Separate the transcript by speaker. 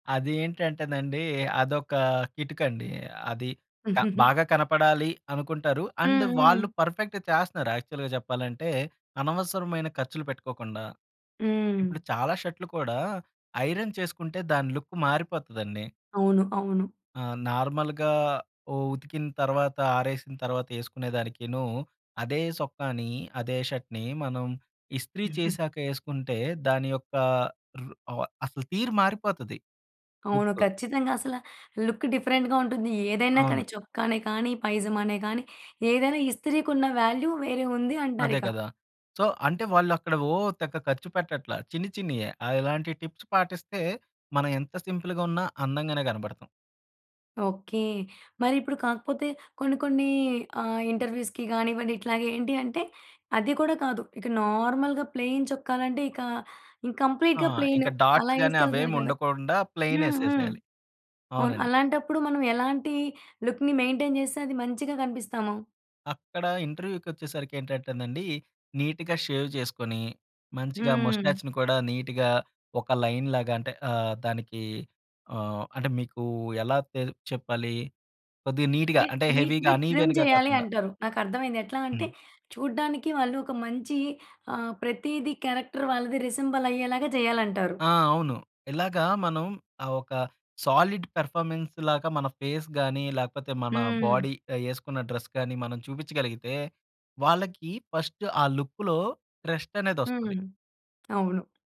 Speaker 1: అది ఏంటంటేనండి. అదొక కిటుకండి. అది క బాగా కనపడాలి అనుకుంటారు అండ్
Speaker 2: హ్మ్.
Speaker 1: వాళ్ళు
Speaker 2: హ్మ్.
Speaker 1: పర్ఫెక్ట్‌గా చేస్తున్నారు. యాక్చువల్‌గా చెప్పాలంటే అనవసరమైన ఖర్చులు పెట్టుకోకుండా ఇప్పుడు
Speaker 2: హ్మ్.
Speaker 1: చాలా షర్ట్‌లు కూడా ఐరన్ చేసుకుంటే దాని లుక్ మారిపోతదండి.
Speaker 2: అవును. అవును.
Speaker 1: ఆ! నార్మల్‌‌గా ఓ ఉతికిన తర్వాత ఆరేసిన తర్వాత యేసుకునేదానికిను అదే! సొక్కాని అదే! షర్ట్‌ని మనం ఇస్త్రీ చేశాక యేసుకుంటే దాని యొక్క రు ఆహ్, అసలు తీరు మారిపోతది
Speaker 2: అవును.
Speaker 1: లుక్.
Speaker 2: ఖచ్చితంగా అసలా లుక్ డిఫరెంట్‌గా ఉంటుంది. ఏదైనా
Speaker 1: అవును.
Speaker 2: కానీ చొక్కానే కానీ పైజామానే గాని ఏదైనా ఇస్త్రీ‌కి ఉన్న వాల్యూ వేరే ఉంది
Speaker 1: అదే
Speaker 2: అంటారిక.
Speaker 1: గదా! సో అంటే వాళ్ళక్కడ ఓ తెగ ఖర్చుపెట్టట్లా చిన్ని చిన్నియే ఆహ్, ఇలాంటి టిప్స్ పాటిస్తే మనం ఎంత సింపుల్‌గా ఉన్నా అందంగానే కనపడతాం.
Speaker 2: ఓకే. మరిప్పుడు కాకపోతే కొన్నికొన్ని ఆహ్, ఇంటర్వ్యూ‌స్‌కి గానివ్వండి ఇట్లాగా ఏంటి అంటే అది కూడా కాదు. ఇక నార్మల్‌గా ప్లేన్ చొక్కాలంటే ఇకా ఇం
Speaker 1: ఆ!
Speaker 2: కంప్లీట్‌గాప్లేన్
Speaker 1: ఇంకా
Speaker 2: అలా
Speaker 1: డాట్స్ గాని
Speaker 2: యేసుకేళ్తారు గదా!
Speaker 1: అవేముండకుండా ప్లెయిన్
Speaker 2: హ్మ్. హ్మ్.
Speaker 1: యేసేసేయాలి.
Speaker 2: అవును
Speaker 1: అవునండి.
Speaker 2: అలాంటప్పుడు మనం ఎలాంటి లుక్‌ని మెయింటెయిన్ జేస్తే అది మంచిగా కనిపిస్తాము?
Speaker 1: అక్కడ ఇంటర్వ్యూ‌కొచ్చేసరికి ఏంటంటేనండి. నీట్‌గా షేవ్ చేసుకొని మంచిగా
Speaker 2: హ్మ్.
Speaker 1: మొస్టాచ్‌ని కూడా నీట్‌గా ఒక లైన్ లాగా అంటే ఆహ్, దానికి ఆహ్, అంటే మీకు ఎలా తే చెప్పాలి? కొద్దిగా నీట్‌గా
Speaker 2: అంటే
Speaker 1: అంటే హెవీ‌గా
Speaker 2: నీట్‌గా ట్రిమ్
Speaker 1: అన్‌ఇవెన్‌గా
Speaker 2: జేయాలి
Speaker 1: కాకుండా.
Speaker 2: అంటారు. నాకర్థమయింది. ఎట్లా అంటే
Speaker 1: హ్మ్.
Speaker 2: చూడడానికి వాళ్ళొక మంచి ఆహ్, ప్రతిది క్యారెక్టర్ వాళ్ళది రిసెం‌బల్ అయ్యేలాగా జేయాలంటారు.
Speaker 1: ఆ! అవును. ఇలాగ మనం ఆహ్, ఒక సాలిడ్ పెర్ఫార్మన్స్‌ లాగా మన ఫేస్ గాని లేకపోతే మన
Speaker 2: హ్మ్.
Speaker 1: బాడీ ఆహ్, యేసుకున్న డ్రెస్ గాని మనం చూపిచ్చగలిగితే వాళ్ళకి ఫస్ట్ ఆ లుక్‌లో ట్రస్ట్‌ అనేదోస్తది.
Speaker 2: హ్మ్. అవును.